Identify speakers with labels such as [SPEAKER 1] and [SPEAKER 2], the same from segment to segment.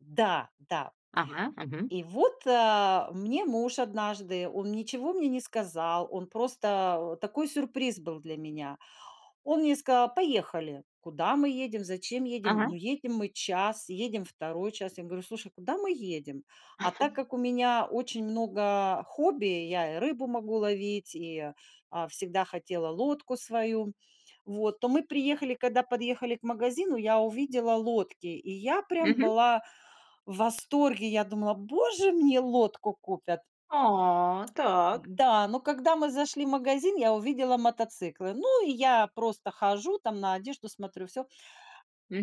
[SPEAKER 1] Да, да.
[SPEAKER 2] Ага, мгм.
[SPEAKER 1] И вот, а, мне муж однажды, он ничего мне не сказал, он просто, э, такой сюрприз был для меня. Он мне сказал: "Поехали". Куда мы едем? Зачем едем? Ну,
[SPEAKER 2] Ага.
[SPEAKER 1] едем мы час, едем 2 час. Я говорю: "Слушай, куда мы едем?" А так как у меня очень много хобби: я и рыбу могу ловить, и, а, всегда хотела лодку свою. Вот, то мы приехали, когда подъехали к магазину, я увидела лодки. И я прям
[SPEAKER 2] Мгм.
[SPEAKER 1] была в восторге. Я думала: "Боже, мне лодку купят!"
[SPEAKER 2] А, так.
[SPEAKER 1] Да, но когда мы зашли в магазин, я увидела мотоциклы. Ну, и я просто хожу там, на одежду смотрю, всё.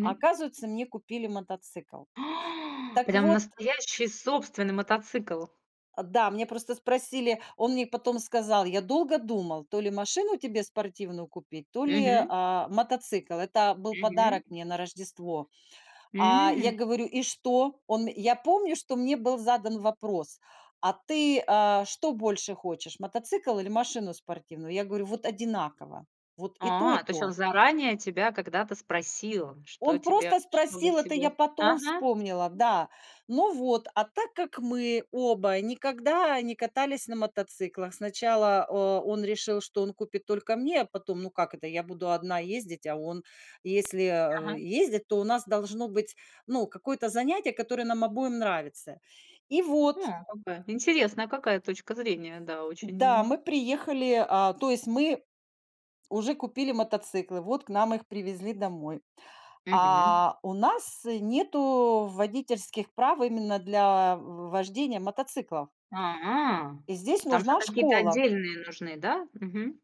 [SPEAKER 1] А оказывается, мне купили мотоцикл. Так
[SPEAKER 2] Прям
[SPEAKER 1] вот
[SPEAKER 2] настоящий собственный мотоцикл?
[SPEAKER 1] Э, да, мне просто спросили Он мне потом сказал: "Я долго думал, то ли машину тебе спортивную купить, то ли,
[SPEAKER 2] Мгм.
[SPEAKER 1] а, мотоцикл". Это был
[SPEAKER 2] Мгм.
[SPEAKER 1] подарок мне на Рождество. А, я
[SPEAKER 2] М.
[SPEAKER 1] говорю: "И что?" Он я помню, что мне был задан вопрос: "А ты, а, что больше хочешь: мотоцикл или машину спортивную?" Я говорю: "Вот одинаково. Вот и то, и
[SPEAKER 2] А, то есть он
[SPEAKER 1] то".
[SPEAKER 2] заранее тебя когда-то спросил,
[SPEAKER 1] Он
[SPEAKER 2] что тебе
[SPEAKER 1] просто
[SPEAKER 2] что для
[SPEAKER 1] спросил, это я
[SPEAKER 2] тебя
[SPEAKER 1] потом
[SPEAKER 2] ага.
[SPEAKER 1] вспомнила. Да. Ну вот, а так как мы оба никогда не катались на мотоциклах, сначала, э, он решил, что он купит только мне, а потом, ну, как это, я буду 1 ездить, а он? Если, а,
[SPEAKER 2] Ага.
[SPEAKER 1] ездить, то у нас должно быть, ну, какое-то занятие, которое нам обоим нравится. И вот.
[SPEAKER 2] Хм, как бы, интересная какая точка зрения, да,
[SPEAKER 1] Да,
[SPEAKER 2] очень
[SPEAKER 1] мы приехали, а, то есть, мы уже купили мотоциклы, вот к нам их привезли домой.
[SPEAKER 2] Мгм.
[SPEAKER 1] А у нас, э, нету водительских прав именно для в вождения мотоциклов.
[SPEAKER 2] А,
[SPEAKER 1] И здесь
[SPEAKER 2] там же
[SPEAKER 1] нужна
[SPEAKER 2] какие-то
[SPEAKER 1] школа.
[SPEAKER 2] отдельные нужны, да? Мгм.